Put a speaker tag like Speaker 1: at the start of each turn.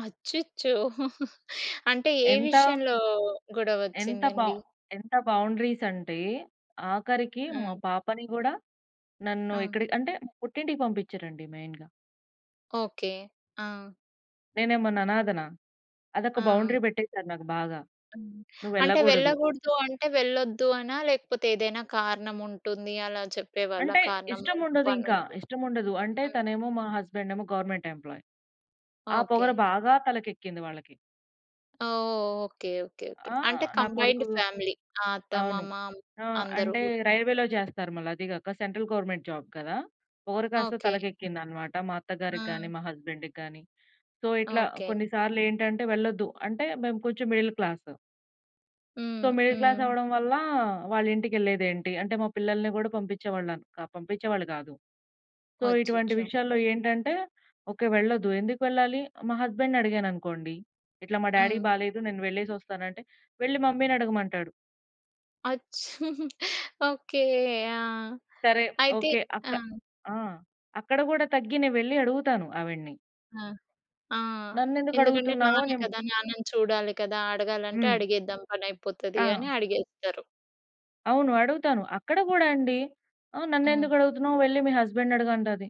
Speaker 1: అచ్చచ్చో! అంటే, ఏ
Speaker 2: ఎంత?
Speaker 1: విషయంలో
Speaker 2: ఎంత బ
Speaker 1: గొడవొచ్చిందండీ?
Speaker 2: ఎంత బౌండరీస్ అంటే, ఆఖరికి మా
Speaker 1: హ్మ్.
Speaker 2: పాపని గూడా నన్ను
Speaker 1: ఆ!
Speaker 2: ఎక్కడి అంటే, పుట్టింటికి పంపిచ్చరండి మెయిన్‌గా.
Speaker 1: ఓకే. ఆ!
Speaker 2: నేనేమన్నా అనాధనా? అదొక
Speaker 1: ఆ!
Speaker 2: బౌండరీ పెట్టేశారు నాకు బాగా.
Speaker 1: హ్మ్. అంటే,
Speaker 2: నువ్వెళ్ళగూడదు.
Speaker 1: వెళ్ళగూడదు అంటే వెళ్ళొద్దు అనా? లేకపోతే, ఏదైనా కారణం ఉంటుంది. అలా చెప్పేవాళ్ళా?
Speaker 2: అంటే,
Speaker 1: కారణమో, ఇప్పుడు
Speaker 2: ఇష్టముండదింక.
Speaker 1: పనుంది.
Speaker 2: ఇష్టముండదు. అంటే,
Speaker 1: హ్మ్.
Speaker 2: తనేమో, మా హస్బెండ్ ఏమో గవర్నమెంట్ ఎంప్లాయ్. ఆ పొగరు
Speaker 1: ఓకే.
Speaker 2: బాగా తలకెక్కింది వాళ్ళకి.
Speaker 1: ఓహ్! Okay, okay, okay.
Speaker 2: ఆ!
Speaker 1: అంటే
Speaker 2: నా
Speaker 1: కంబైన్‌డ్
Speaker 2: కొడుకూ
Speaker 1: ఫ్యామిలీ ఆహ్, అత్త,
Speaker 2: అవును.
Speaker 1: మామ,
Speaker 2: ఆహ్,
Speaker 1: అందరు
Speaker 2: అంటే
Speaker 1: గూడా.
Speaker 2: రైల్వేలో జేస్తారు. మళ్ళీ అదీ గాక సెంట్రల్ గవర్నమెంట్ జాబ్ కదా! పొగరు కాస్త
Speaker 1: ఓకే. అ!
Speaker 2: తలకెక్కింది అనమాట మా అత్తగారికి కానీ,
Speaker 1: ఆ!
Speaker 2: మా హస్బెం‌డ్‌కి గానీ. సో, ఇట్లా
Speaker 1: ఓకే.
Speaker 2: కొన్ని సార్లు ఏంటంటే, వెళ్ళొద్దు. అంటే, మేము కొంచెం మిడిల్ క్లాస్... సో,
Speaker 1: హ్మ్.
Speaker 2: మిడిల్ క్లాస్
Speaker 1: హ్మ్.
Speaker 2: అవ్వడం వల్లా, వాళ్ళ ఇంటికెళ్ళేదేంటి? అంటే, మా పిల్లల్ని గూడా పంపిచ్చేవాళ్ళన్ క పంపిచ్చేవాళ్ళు గాదు. సో, ఇటువంటి
Speaker 1: అచ్చచ్చో!
Speaker 2: విషయాల్లో ఏంటంటే, ఓకే. వెళ్ళద్దు. ఎందుకు వెళ్ళాలి? మా హస్బెండ్‌ని అడిగాననుకోండి, ఇట్లా మా డ్యాడీ‌కి
Speaker 1: హ్మ్.
Speaker 2: బాలేదు. నేను వెళ్ళేసొస్తాను అంటే, వెళ్ళి మమ్మీ‌నడగమంటాడు.
Speaker 1: అచ్చ్ ఓకే. ఆ!
Speaker 2: సరే.
Speaker 1: అయితే
Speaker 2: ఓకే.
Speaker 1: ఆ!
Speaker 2: అక్క ఆ! అక్కడ గూడా తగ్గి నే వెళ్ళి అడుగుతాను ఆవిడిని.
Speaker 1: అ! ఆ!
Speaker 2: నన్నెందుకు
Speaker 1: ఎందుకంటే,
Speaker 2: అడుగుతున్నావో
Speaker 1: నాన్న
Speaker 2: నిమ్
Speaker 1: కదా! నాన్నను చూడాలి కదా! అడగాలంటే
Speaker 2: హ్మ్.
Speaker 1: అడిగేద్దాం, పని అయిపోతది అని
Speaker 2: ఆ!
Speaker 1: అడిగేస్తారు.
Speaker 2: అవును. అడుగుతాను. అక్కడ గూడా అండి. ఆహ్,
Speaker 1: హ్మ్.
Speaker 2: నన్నెందుకడుగుతున్నావు? వెళ్ళి మీ హస్బెండ్‌ని అడుగు అంటాది.